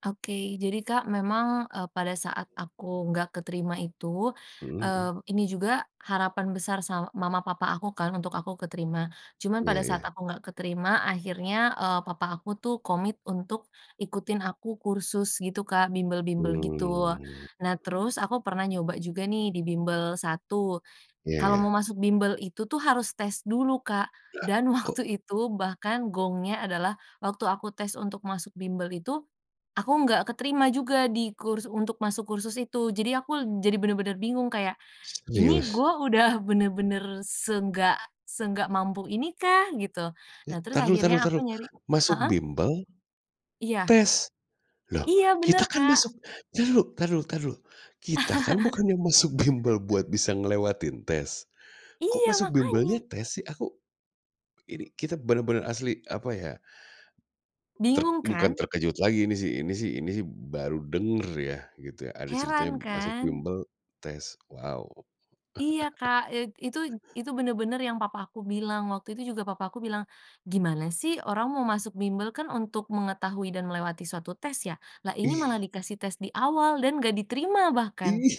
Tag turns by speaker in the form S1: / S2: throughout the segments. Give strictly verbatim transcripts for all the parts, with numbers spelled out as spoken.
S1: Oke, jadi Kak memang, eee, pada saat aku nggak keterima itu,
S2: Mhm mhm.
S1: eee, ini juga harapan besar sa mama papa aku kan untuk aku keterima, cuman
S2: Iya
S1: pada saat
S2: iya.
S1: aku nggak keterima akhirnya, eee, papa aku tuh komit untuk ikutin aku kursus gitu Kak, bimbel-bimbel gitu.
S2: Mmm.
S1: Nah terus aku pernah nyoba juga nih di bimbel satu,
S2: Iya
S1: kalau mau
S2: iya.
S1: masuk bimbel itu tuh harus tes dulu Kak,
S2: Lah,
S1: dan waktu
S2: kok?
S1: itu bahkan gongnya adalah, waktu aku tes untuk masuk bimbel itu aku nggak keterima juga di kurs untuk masuk kursus itu. Jadi aku jadi bener-bener bingung kayak, "Ini
S2: Serius?
S1: gue udah bener-bener seenggak seenggak mampu ini kah, gitu?"
S2: Eh,
S1: Nah, terus
S2: entar dulu entar dulu
S1: akhirnya
S2: entar
S1: aku
S2: dulu,
S1: nyari
S2: masuk
S1: heeh?
S2: bimbel
S1: Iya.
S2: tes? Loh
S1: Iya bener,
S2: kita kan
S1: Kak.
S2: masuk entar dulu entar dulu entar dulu, kita kan bukannya masuk bimbel buat bisa ngelewatin tes? Kok
S1: Iya,
S2: masuk
S1: makanya.
S2: bimbelnya tes sih? Aku ini kita benar-benar asli, apa ya, ter
S1: Bingung
S2: bukan
S1: kan.
S2: terkejut lagi ini sih ini sih ini sih baru denger ya gitu ya ada ceritanya
S1: Heran
S2: masuk
S1: kan.
S2: bimbel tes, wow.
S1: Iya Kak, eee, itu itu bener-bener yang papa aku bilang. Waktu itu juga papa aku bilang, "Gimana sih orang mau masuk bimbel kan untuk mengetahui dan melewati suatu tes ya? Lah ini malah
S2: Ih.
S1: dikasih tes di awal dan nggak diterima bahkan."
S2: Ih.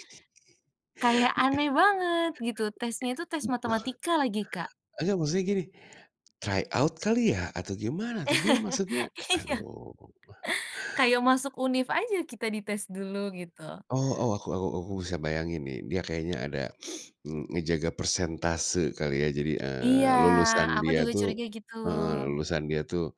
S1: Kayak aneh banget gitu, tesnya itu tes
S2: Ih.
S1: matematika lagi, Kak.
S2: Ah, iya, maksudnya gini, try out kali ya atau gimana tuh dia maksudnya?
S1: Iya.
S2: Aduh.
S1: Kayak masuk univ aja kita di tes dulu, gitu.
S2: Oh oh, aku aku aku bisa bayangin nih, dia kayaknya ada, eee, ngejaga persentase kali ya. Jadi,
S1: Iya,
S2: eee, lulusan
S1: aku
S2: dia
S1: juga
S2: tuh
S1: curiga gitu.
S2: heeh, lulusan dia tuh,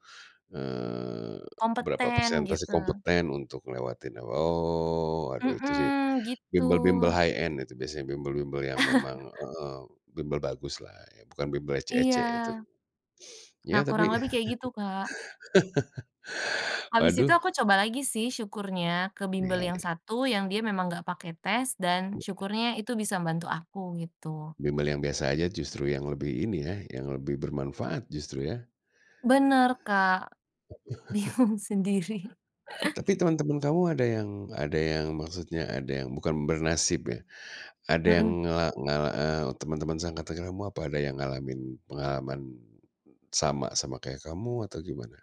S2: eee, berapa
S1: Kompeten,
S2: persentase
S1: gitu.
S2: kompeten untuk ngelewatin, oh aduh itu sih
S1: Mhm,
S2: bimbel-bimbel
S1: gitu.
S2: high end itu, biasanya bimbel-bimbel yang memang, eee, bimbel bagus lah ya, bukan bimbel ecek-ecek itu.
S1: Iya. Nah
S2: Iya
S1: kurang
S2: tapi
S1: lebih kayak gitu, Kak. Habis itu
S2: Waduh.
S1: aku coba lagi sih, syukurnya ke bimbel
S2: Iya
S1: yang
S2: iya.
S1: satu yang dia memang nggak pakai tes dan
S2: Iya.
S1: syukurnya itu bisa bantu aku, gitu.
S2: Bimbel yang biasa saja justru yang lebih, ini ya, yang lebih bermanfaat justru ya?
S1: Bener Kak, bingung sendiri.
S2: Tapi teman-teman kamu ada yang ada yang, maksudnya ada yang bukan bernasib ya, ada
S1: Mhm.
S2: yang ngela ngala eee, teman-teman seangkatan kamu, apa ada yang ngalamin pengalaman sama sama kayak kamu atau gimana?